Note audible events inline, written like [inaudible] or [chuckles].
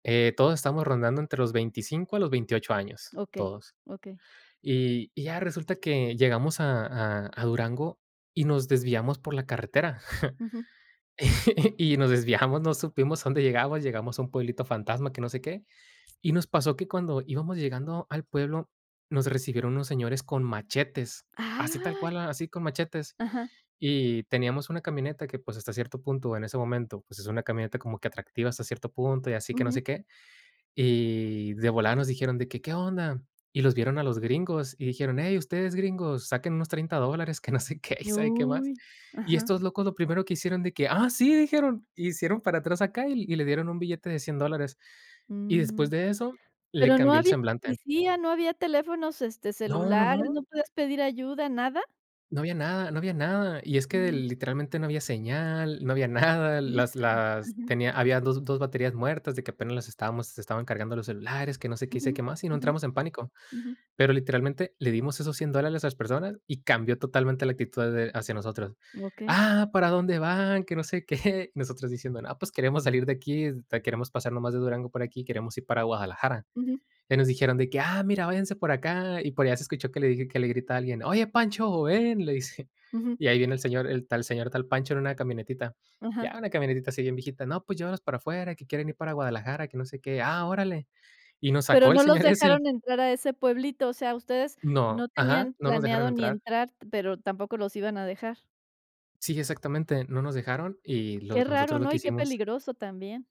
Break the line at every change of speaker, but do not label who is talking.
Eh, todos estábamos rondando entre los 25 a los 28 años,
Okey.
todos.
Okey.
Y y ya resulta que llegamos a a a Durango y nos desviamos por la carretera.
Ujú.
[chuckles] Y [laughs] y nos desviamos. No supimos a dónde llegamos, llegamos a un pueblito fantasma que no sé qué. Y nos pasó que cuando íbamos llegando al pueblo, nos recibieron unos señores con machetes, así tal
¡Ay!
cual, a así con machetes.
Ajá.
Y teníamos una camioneta que, pues, hasta cierto punto, en ese momento, pues, es una camioneta como que atractiva hasta cierto punto y así que no
Ujú.
sé qué. Y de volada nos dijeron de que: “¿Qué onda?”. Y los vieron a los gringos y dijeron: “Hey, ustedes, gringos, saquen unos $30 dólares”, [chuckles] que no sé qué y sabe qué
Uy.
más. Y
Ajá.
estos locos lo primero que hicieron de que: “Ah, sí”, dijeron. Y hicieron para atrás acá y y le dieron un billete de $100 dólares. Y después
Mm.
de eso, le
¿Pero no
cambió el
había
semblante.
policía, no había teléfonos, este,
No, no,
celulares,
no.
no podías pedir ayuda, nada?
No había nada, no había nada. Y es que de
Mm.
literalmente no había señal, no había nada.
¡Híjole!
Las las
Ujú.
tenía habían dos dos baterías muertas, de que apenas las estábamos se estaban cargando los celulares, que no sé qué, y sé qué
Ujú,
más. Y no
ujú,
entramos en pánico.
ujú.
Pero literalmente le dimos esos $100 dólares a esas personas y cambió totalmente la actitud de hacia nosotros:
Okey.
“Ah, ¿para dónde van?”, que no sé qué. Nosotros diciendo: “No, pos, queremos salir de aquí, este queremos pasar nomás de Durango para aquí, queremos ir para Guadalajara”.
Ujú.
Y nos dijeron de que: “Ah, mira, váyanse por acá”. Y por allá se escuchó que le dije que le grita a alguien: “Oye, Pancho, ven”, le dice.
Ujú.
Y ahí viene el señor el tal señor tal Pancho en una camionetita.
Ajá.
Ya una camionetita así bien viejita: “No, pues llévalos para afuera, que quieren ir para Guadalajara, que no sé qué”. "Ah, órale", y nos [chuckles]
¿Pero
sacó el
no los
señor ese y
dejaron entrar a ese pueblito? O sea, ustedes
No.
no
Ajá,
tenían
no nos dejaron
planeado ni
entrar.
entrar, t pero tampoco los iban a dejar.
Sí, exactamente. No nos dejaron y
Qué
los
raro,
nosotros lo
¿no?
que
Y qué
hicimos
peligroso también.